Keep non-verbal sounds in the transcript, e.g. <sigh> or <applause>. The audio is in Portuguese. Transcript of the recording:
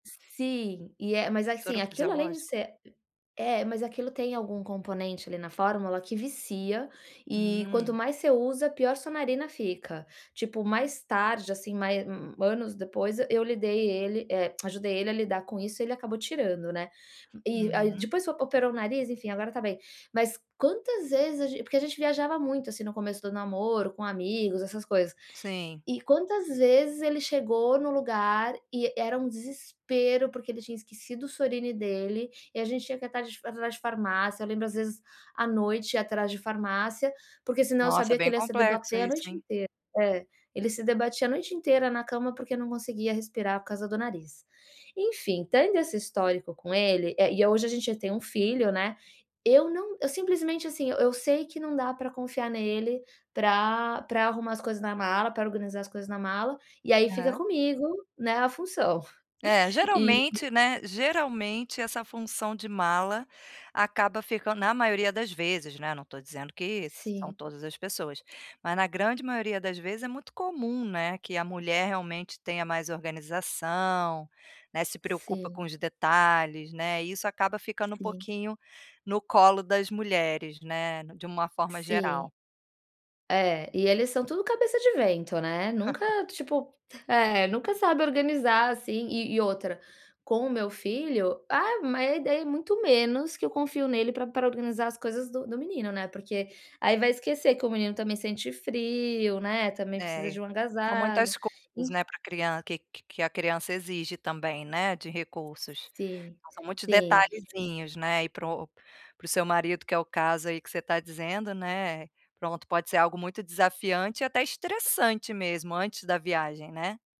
Sim, e é mas assim Soro aquilo além de fisiológico? ser é, mas aquilo tem algum componente ali na fórmula que vicia e quanto Hum. mais você usa pior a sua narina fica. Tipo mais tarde, assim, mais u anos depois, eu lidei ele, eh, ajudei ele a lidar com isso, ele acabou tirando, né. E a Uhum. depois operou o nariz, enfim, agora tá bem. Mas quantas vezes a gen porque a gente viajava muito, assim, no começo do namoro, com amigos, essas coisas, Sim. e quantas vezes ele chegou no lugar e era um desespero porque ele tinha esquecido o Sorine dele e a gente tinha que ir atrás de atrás de farmácia, eu lembro às vezes à noite ir atrás de farmácia, porque senão eu Nossa, sabia que bem ele ia se complexo debater a isso, noite hein? inteira é. Ele se debatia a noite inteira na cama, porque não conseguia respirar por causa do nariz. Enfim, tendo esse histórico com ele, eh, e hoje a gente já tem 1 filho, né, eu não eu simplesmente, assim, eu sei que não dá pra confiar nele pra pra arrumar as coisas na mala, pra organizar as coisas na mala, e aí fica Aham. comigo, né, a função. É, E geralmente, né, geralmente essa função de mala acaba ficando na maioria das vezes, né, não tô dizendo que são Sim. todas as pessoas. Mas na grande maioria das vezes é muito comum, né, que a mulher realmente tenha mais organização, né, se preocupa Sim. com os detalhes, né, isso acaba ficando um Sim. pouquinho no colo das mulheres, né, de uma forma Sim. geral. É, e eles são tudo cabeça de vento, né, nunca, <laughs> tipo, é nunca sabe organizar, assim. E e outra, com o meu filho, ah, mas é daí é muito menos que eu confio nele pra pra organizar as coisas do do menino, né. Porque aí vai esquecer que o menino também sente frio, né, também precisa É, de um são agasalho, muitas coisas, enf né, pra crian que que que a criança exige também, né, de recursos. Sim, São muitos sim. detalhezinhos, né, e pro para o seu marido que é o caso aí que você tá dizendo, né, pronto, pode ser algo muito desafiante e até estressante mesmo antes da viagem, né.